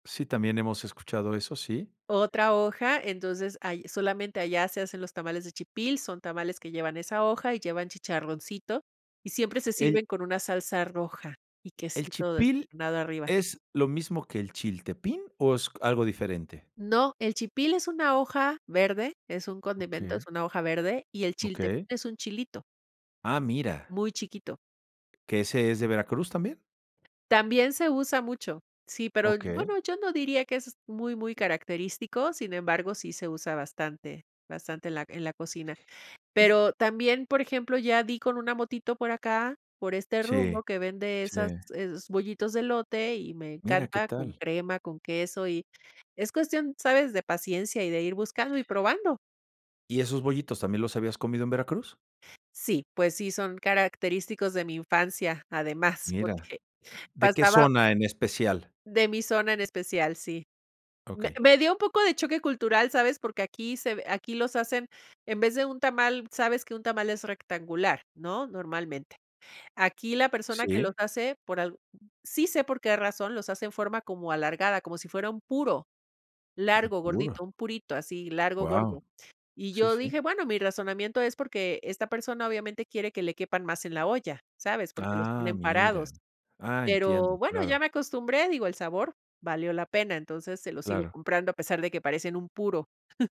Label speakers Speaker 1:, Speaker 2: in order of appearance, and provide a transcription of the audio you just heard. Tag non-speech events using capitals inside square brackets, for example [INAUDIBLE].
Speaker 1: Sí, también hemos escuchado eso, sí.
Speaker 2: Otra hoja, entonces, ahí solamente allá se hacen los tamales de chipil, son tamales que llevan esa hoja, y llevan chicharroncito, y siempre se
Speaker 1: El
Speaker 2: sirven con una salsa roja y
Speaker 1: ¿El
Speaker 2: quesito des
Speaker 1: Chipil
Speaker 2: nado arriba.
Speaker 1: es lo mismo que el Chiltepín, o, es c algo diferente?
Speaker 2: No, el chipil es una hoja verde, es un condimento, es
Speaker 1: Oke
Speaker 2: una hoja verde, y el chiltepín
Speaker 1: Okey.
Speaker 2: es un chilito
Speaker 1: Ah, ¡mira!
Speaker 2: muy chiquito.
Speaker 1: ¿Que ese es de Veracruz, también?
Speaker 2: También se usa mucho. Sí, pero
Speaker 1: Okey.
Speaker 2: bueno, yo no diría que es muy, muy característico. Sin embargo, sí se usa bastante, bastante en la en la cocina.
Speaker 1: Y
Speaker 2: Pero también, por ejemplo, ya di con una motito por acá, por este
Speaker 1: Sí,
Speaker 2: rumbo que vende
Speaker 1: sí.
Speaker 2: esas es bollitos de elote y me
Speaker 1: ¡Mira, qué
Speaker 2: encanta, con
Speaker 1: tal!
Speaker 2: crema, con queso y es cuestión, ¿sabes?, de paciencia, y de ir buscando y probando.
Speaker 1: ¿Y esos bollitos también los habías comido en Veracruz?
Speaker 2: Sí, pues sí, son característicos de mi infancia, además,
Speaker 1: Mira.
Speaker 2: porque
Speaker 1: ¿De qué
Speaker 2: pasaba
Speaker 1: zona en especial?
Speaker 2: De mi zona en especial, sí. Me
Speaker 1: Okey.
Speaker 2: me dio un poco de choque cultural, ¿sabes? Porque aquí se ve aquí los hacen, en vez de un tamal, sabes que un tamal es rectangular, ¿no? Normalmente. Aquí la persona que los
Speaker 1: Sí.
Speaker 2: hace por al sí sé por qué razón, los hace en forma como alargada, como si fuera un puro.
Speaker 1: Ah,
Speaker 2: Largo,
Speaker 1: ¡ora!
Speaker 2: gordito, un purito así, largo, gordo.
Speaker 1: ¡Guau!
Speaker 2: Y
Speaker 1: Sí,
Speaker 2: yo
Speaker 1: sí.
Speaker 2: dije: "Bueno, mi razonamiento es porque esta persona, obviamente, quiere que le quepan más en la olla", ¿sabes? Porque los
Speaker 1: Ah,
Speaker 2: ponen
Speaker 1: mira.
Speaker 2: parados.
Speaker 1: Ah, entiendo,
Speaker 2: Pero bueno, ya
Speaker 1: claro.
Speaker 2: me acostumbré, digo, el sabor valió la pena, entonces se los sigo
Speaker 1: Claro.
Speaker 2: comprando, a pesar de que parecen un puro. [CHUCKLES]